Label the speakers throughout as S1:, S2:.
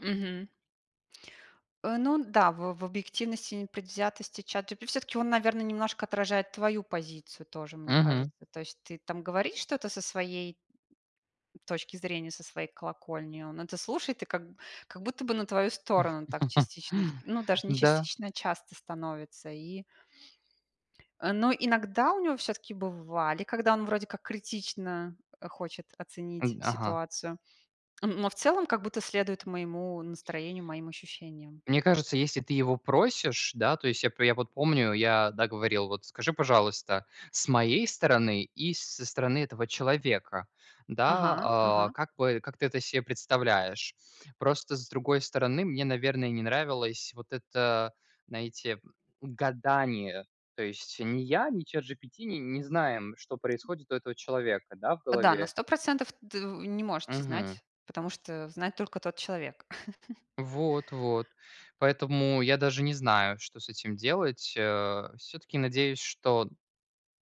S1: Мгм. Э, ну да, в в объективности и непредвзятости ChatGP всё-таки он, наверно, немножко отражает твою позицию тоже, мне кажется.
S2: Мгм.
S1: То есть ты там говоришь что-то со своей точки зрения, со своей колокольни, он это слушает и как как будто бы на твою сторону так частично, т ну, даже не
S2: Да.
S1: частично, а часто становится, и Э, но иногда у него всё-таки бывали, когда он вроде как критично хочет
S2: Э,
S1: оценить
S2: д ага.
S1: ситуацию, но в целом как будто следует моему настроению, моим ощущениям.
S2: Мне кажется, если ты его просишь, да, то есть я п э, я вот помню, я, да, говорил: "Вот скажи, пожалуйста, с моей стороны, и с со стороны этого человека, да,
S1: Ага,
S2: а,
S1: ага.
S2: как бы как ты это се представляешь?" Просто, с другой стороны мне, наверное, не нравилось вот это, знаете, гадание. То есть ни я, ни ChatGPT н не знаем, что происходит у этого человека, да, в
S1: Да, на
S2: голове.
S1: 100 % т в не можете
S2: Мгм.
S1: знать, потому что знает только тот человек.
S2: Вот, вот. Поэтому я даже не знаю, что с этим делать, э. Всё-таки надеюсь, что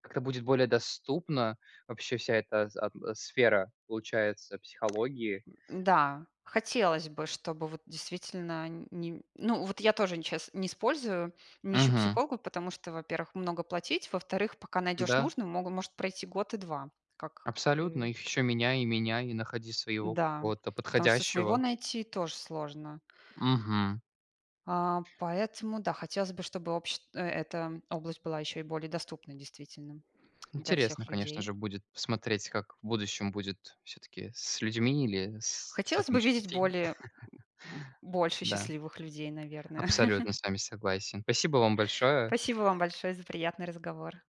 S2: как-то будет более доступно вообще вся эта ат сфера, получается, психологии.
S1: М. Да, хотелось бы, чтобы вот действительно ни ну вот, я тоже щас не использую, не ищу
S2: Мгм.
S1: психолога, потому что, во-первых, много платить, во-вторых, пока найдешь
S2: Да.
S1: нужное, могу может пройти год и 2, как
S2: Абсолютно,
S1: и
S2: их ещё меняй и меняй, и находи своего
S1: Да,
S2: какого-то
S1: потому что своего
S2: подходящего.
S1: найти- тоже сложно.
S2: Мгм.
S1: А, поэтому да, хотелось бы, чтобы общ эта область была еще и более доступной, действительно, для
S2: Интересно,
S1: всех
S2: конечно
S1: людей.
S2: же, будет посмотреть, как в будущем будет, всё-таки с людьми или с
S1: Хотелось
S2: чатом
S1: бы видеть
S2: GPT.
S1: более, м, больше
S2: Да.
S1: счастливых людей, наверное.
S2: Абсолютно с вами согласен. Спасибо вам большое.
S1: Спасибо вам большое за приятный разговор.